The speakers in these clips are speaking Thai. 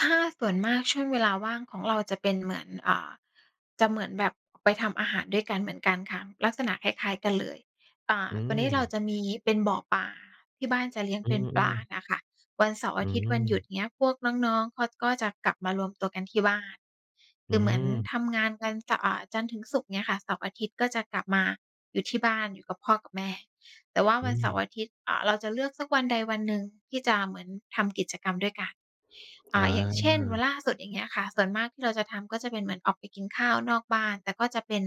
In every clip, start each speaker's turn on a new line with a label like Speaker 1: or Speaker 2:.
Speaker 1: ถ้าส่วนมาก ช่วงเวลาว่างของเราจะเป็นเหมือน อ่า จะเหมือนแบบไปทำอาหารด้วยกัน เหมือนกันค่ะ ลักษณะคล้าย ๆ กันเลย อ่า
Speaker 2: อื
Speaker 1: ตัวเนี้ยเรา
Speaker 2: ม
Speaker 1: จะมีเป็นบ่อปลา ที่บ้านจะเลี้ยง
Speaker 2: อื
Speaker 1: เป็นปลา
Speaker 2: อ
Speaker 1: น
Speaker 2: ๆ
Speaker 1: ่ะค่ะ วันเสาร์
Speaker 2: อ
Speaker 1: อ
Speaker 2: ื
Speaker 1: าทิตย์ วันหยุด
Speaker 2: ม
Speaker 1: เงี้ย พวกน้อง ๆ เขาก็จะกลับมารวมตัวกันที่บ้าน ค
Speaker 2: อื
Speaker 1: ือเหมือน
Speaker 2: ม
Speaker 1: ทำงานกันจะ อ่า จันทร์ถึงศุกร์เงี้ยค่ะ เสาร์อาทิตย์ก็จะกลับมาอยู่ที่บ้าน อยู่กับพ่อกับแม่ แต่ว่า
Speaker 2: อ
Speaker 1: ว
Speaker 2: ื
Speaker 1: ันเสาร
Speaker 2: ม
Speaker 1: ์อาทิตย์ อ่า เราจะเลือกสักวันใดวันหนึ่งที่จะเหมือนทำกิจกรรมด้วยกัน อ่
Speaker 2: อ
Speaker 1: า อย่างเช่น วั
Speaker 2: า
Speaker 1: นล่าสุด อย่างเงี้ยค่ะ ส่วนมากที่เราจะทำก็จะเป็นเหมือนออกไปกินข้าวนอกบ้าน แต่ก็จะเป็น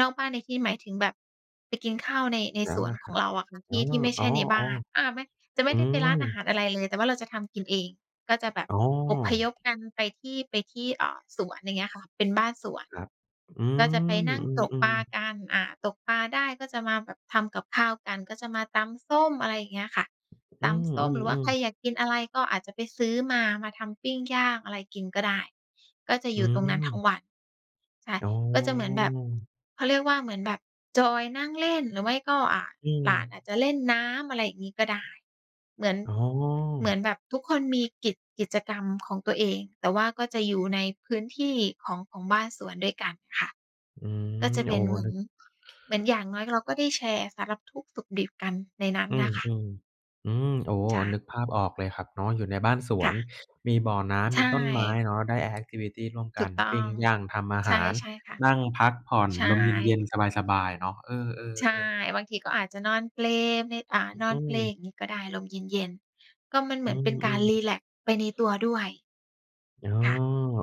Speaker 1: นอกบ้านในที่นี้หมายถึงแบบไปกินข้าว ใน ใน
Speaker 2: ร้
Speaker 1: ส
Speaker 2: าน
Speaker 1: ว
Speaker 2: อ
Speaker 1: น
Speaker 2: า
Speaker 1: ของเราอะค
Speaker 2: หา
Speaker 1: ่ะ ท
Speaker 2: ร อ๋
Speaker 1: ี
Speaker 2: อ
Speaker 1: ่ ที่ไม่ใ
Speaker 2: อ
Speaker 1: ช่ในบ
Speaker 2: ๋
Speaker 1: ้
Speaker 2: อ
Speaker 1: าน อา ไม่ จะไ
Speaker 2: ๆ
Speaker 1: ม
Speaker 2: อื
Speaker 1: ่ได้ไปร้า
Speaker 2: ม
Speaker 1: นอาหารอะไรเลย แต่ว่าเราจะทำกินเอง ก็จะแบบ
Speaker 2: อ๋
Speaker 1: อพย
Speaker 2: อ
Speaker 1: พกัน ไปที่ ไปที่ เอ่อ สวน อย่างเงี้ยค่ะ เป็นบ้านสวน
Speaker 2: ครับ อื
Speaker 1: ก็จะไป
Speaker 2: ม
Speaker 1: นั่งตก
Speaker 2: อื
Speaker 1: ป
Speaker 2: ม
Speaker 1: ลา
Speaker 2: ๆ
Speaker 1: กัน อ่า ตกปลาได้ก็จะมาแบบทำกับข้าวกัน ก็จะมาตำส้ม อะไรอย่างเงี้ยค่ะ
Speaker 2: อ
Speaker 1: ต
Speaker 2: ื
Speaker 1: ำส้ม หรือว่า
Speaker 2: อ
Speaker 1: ใคร
Speaker 2: ๆ ๆ
Speaker 1: อยากกินอะไร ก็อาจจะไปซื้อมา มาทำปิ้งย่างอะไรกินก็ได้ ก็จะ
Speaker 2: อื
Speaker 1: อยู่ตรงนั้นทั้ง
Speaker 2: ม
Speaker 1: วัน ใช่
Speaker 2: อ๋อ
Speaker 1: ก็จะเหมือนแบบ เขาเรียกว่า เหมือนแบบจอยนั่งเล่น หรือไม่ก็ อ่า
Speaker 2: อื
Speaker 1: หลานอาจ
Speaker 2: ม
Speaker 1: จะเล่นน้ำ อะไรอย่างงี้ก็ได้ เหมือน
Speaker 2: อ๋อ
Speaker 1: เหมือนแบบทุกคนมี กิจ กิจกรรมของตัวเอง แต่ว่าก็จะอยู่ในพื้นที่ ของ ของบ้านสวนด้วยกันค่ะ
Speaker 2: อืม
Speaker 1: ก็จะเ
Speaker 2: โ
Speaker 1: ป
Speaker 2: อ
Speaker 1: ็
Speaker 2: ้
Speaker 1: น เหมือ
Speaker 2: นึ
Speaker 1: น
Speaker 2: ก
Speaker 1: เหมือนอย่างน้อยเราก็ได้แชร์สารทุกข์สุกดิบกันในนั้น
Speaker 2: อื
Speaker 1: น่
Speaker 2: ม
Speaker 1: ะค่ะ
Speaker 2: ๆ อืม โอ้
Speaker 1: ใช
Speaker 2: นึ
Speaker 1: ่
Speaker 2: กภาพออกเลยครับเนาะ อยู่ในบ้านส
Speaker 1: ค
Speaker 2: ว
Speaker 1: ่
Speaker 2: น
Speaker 1: ะ
Speaker 2: มีบ่อน้
Speaker 1: ใช
Speaker 2: ำ มีต้นไม้
Speaker 1: ่
Speaker 2: เนาะ ได้ แอกทิวิตี ร่วมก
Speaker 1: ถู
Speaker 2: ั
Speaker 1: ก
Speaker 2: น
Speaker 1: ต้
Speaker 2: ป
Speaker 1: อ
Speaker 2: ิ้
Speaker 1: ง
Speaker 2: งย่าง ทำอา
Speaker 1: ใ
Speaker 2: หาร
Speaker 1: ช่ ๆ ค่ะ
Speaker 2: นั่งพักผ่อน
Speaker 1: ใช
Speaker 2: ลมเย็
Speaker 1: ่
Speaker 2: น ๆ สบาย ๆ เนาะ เอ
Speaker 1: ใช่
Speaker 2: อ ๆ ๆ
Speaker 1: บางทีก็อาจจะนอนเปลใน อ่า นอ
Speaker 2: อื
Speaker 1: นเปล
Speaker 2: ม
Speaker 1: อย่างงี้ก็ได้ ลมเย็น ๆ ก็มันเหม
Speaker 2: อื
Speaker 1: ือนเป็นการ
Speaker 2: ม
Speaker 1: รี
Speaker 2: ๆ
Speaker 1: แล็กซ์ไปในตัวด้วย
Speaker 2: อ๋อ
Speaker 1: ค่ะ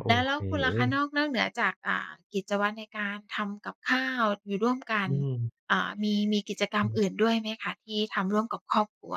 Speaker 2: โอ
Speaker 1: แล้ว แล
Speaker 2: เค
Speaker 1: ้วคุณล
Speaker 2: เ
Speaker 1: ่
Speaker 2: อ
Speaker 1: ะคะ น
Speaker 2: อ
Speaker 1: อก นอกเหนือจาก อ่า กิจวัตรในการทำกับข้าว อยู่ร่วมกั
Speaker 2: อ
Speaker 1: น
Speaker 2: ืม
Speaker 1: เอ่อ มี มีกิจกรร
Speaker 2: อ
Speaker 1: ม
Speaker 2: ือ
Speaker 1: อื่นด้วยไหมคะที่ทำร่วมกับครอบครัว?